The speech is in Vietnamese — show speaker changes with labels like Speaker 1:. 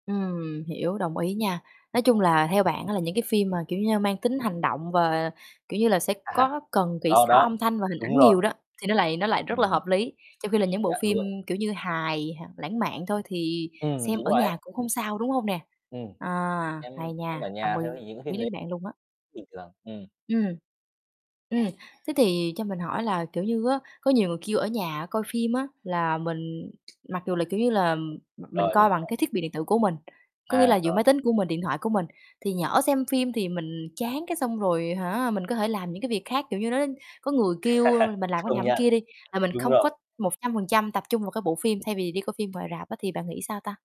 Speaker 1: Ừm, hiểu, đồng ý nha. Nói chung
Speaker 2: Đấy.
Speaker 1: là theo bạn á là những cái phim mà, kiểu như, mang tính hành động và, kiểu như là, sẽ
Speaker 2: À,
Speaker 1: có cần kỹ
Speaker 2: đó,
Speaker 1: xảo
Speaker 2: đó,
Speaker 1: âm thanh và hình
Speaker 2: đúng
Speaker 1: ảnh
Speaker 2: rồi.
Speaker 1: nhiều đó, thì nó lại nó lại
Speaker 2: Ừm.
Speaker 1: rất là hợp lý, trong khi là
Speaker 2: Công
Speaker 1: những bộ
Speaker 2: nhận
Speaker 1: phim,
Speaker 2: luôn.
Speaker 1: kiểu như, hài h lãng mạn thôi, thì
Speaker 2: Ừm,
Speaker 1: xem
Speaker 2: đúng
Speaker 1: ở
Speaker 2: rồi
Speaker 1: nhà
Speaker 2: ấy.
Speaker 1: cũng không sao, đúng hông nè?
Speaker 2: Ừm,
Speaker 1: À,
Speaker 2: xem
Speaker 1: hay
Speaker 2: xem ở
Speaker 1: nha, đồng
Speaker 2: nhà [unintelligible]
Speaker 1: ý
Speaker 2: những cái phim
Speaker 1: với
Speaker 2: đấy
Speaker 1: bạn luôn á.
Speaker 2: bình thường, ừm.
Speaker 1: Ừm. Ừm, thế thì cho mình hỏi là, kiểu như á, có nhiều người kêu ở nhà coi phim á là mình mặc dù là, kiểu như là, m mình
Speaker 2: Rồi, mình
Speaker 1: coi bằng
Speaker 2: hiểu.
Speaker 1: cái thiết bị điện tử của mình. Có nghĩa là
Speaker 2: À,
Speaker 1: giữa
Speaker 2: rồi.
Speaker 1: máy tính của mình, điện thoại của mình, thì nhỡ xem phim thì mình chán cái xong rồi hả, mình có thể làm những cái việc khác, kiểu như, nó [unintelligible] có người kêu mình làm [unintelligible]
Speaker 2: Công
Speaker 1: làm
Speaker 2: nhận,
Speaker 1: kia đi, là mình
Speaker 2: đúng
Speaker 1: không có
Speaker 2: rồi.
Speaker 1: 100% tập trung vào cái bộ phim thay vì đi coi phim ngoài rạp á, thì bạn nghĩ sao ta?